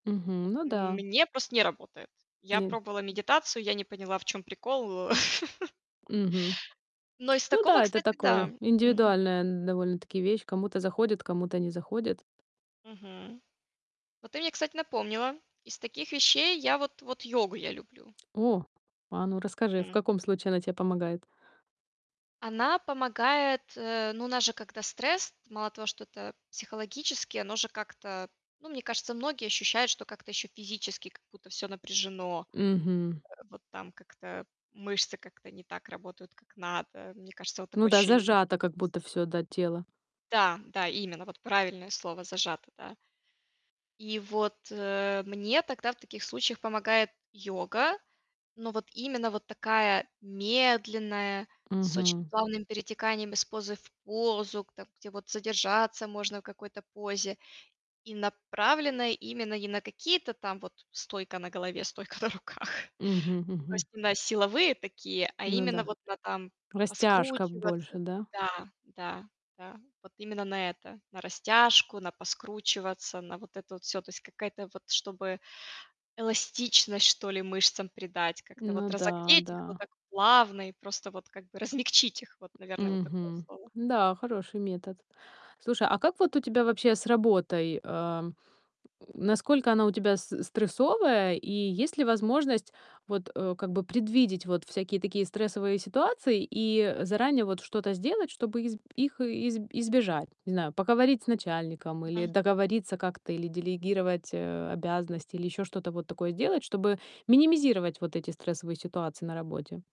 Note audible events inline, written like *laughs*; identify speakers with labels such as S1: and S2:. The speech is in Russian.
S1: Мгм, ну да.
S2: Мне просто не работает. Я
S1: Не
S2: пробовала медитацию, я не поняла, в чём прикол, э *laughs*
S1: Мгм.
S2: Но из
S1: Ну
S2: такого,
S1: да, это
S2: кстати, да.
S1: такое,
S2: Мгм.
S1: индивидуальная н довольно-таки вещь. Кому-то заходит, кому-то не заходит.
S2: Мгм. Вот ты мне, кстати, напомнила, из таких вещей я вот вот йогу я люблю.
S1: О, а, ну, расскажи, в
S2: Мгм.
S1: каком случае она те помогает?
S2: Она помогает, э, ну, у нас же когда стресс, мало того, что это психологически, оно же как-то, ну, мне кажется, многие ощущают, что как-то ещё физически как будто всё напряжено, э,
S1: Мгм.
S2: вот там как-то мышцы как-то не так работают, как надо. Мне кажется, вот
S1: Ну
S2: такое
S1: да,
S2: ощущение у многих
S1: зажато как будто
S2: есть.
S1: всё, да, тело.
S2: Да, да, именно, вот правильное слово зажато, да. И вот, э, мне тогда в таких случаях помогает йога, но вот именно вот такая медленная, с очень
S1: Мгм.
S2: плавным перетеканием из позы в позу, к там, где вот задержаться можно в какой-то позе, и направленная именно не на какие-то там вот стойка на голове, стойка на руках,
S1: Мгм,
S2: то
S1: мгм.
S2: есть не на силовые такие, а
S1: Ну
S2: именно
S1: да.
S2: вот на там
S1: Растяжка
S2: поскручиваться,
S1: больше, да?
S2: да, да, да, вот именно на это, на растяжку, на поскручиваться, на вот это вот всё, то есть какая-то вот, чтобы эластичность, что ли, мышцам придать, как-то
S1: Ну
S2: вот
S1: да,
S2: разогреть их, но
S1: да.
S2: так плавно и просто вот как бы размягчить их, вот, наверное, вот такое
S1: Мгм,
S2: слово.
S1: да, хороший метод. Слушай, а как вот у тебя вообще с работой, а, м, насколько она у тебя с э, стрессовая и есть ли возможность вот, э, как бы предвидеть вот всякие такие стрессовые ситуации и, э, заранее вот что-то сделать, чтобы изб их э изб избежать? Не знаю, поговорить с начальником или
S2: Мгм.
S1: договориться как-то или делегировать, э, обязанности или ещё что-то вот такое сделать, чтобы минимизировать вот эти стрессовые ситуации на работе.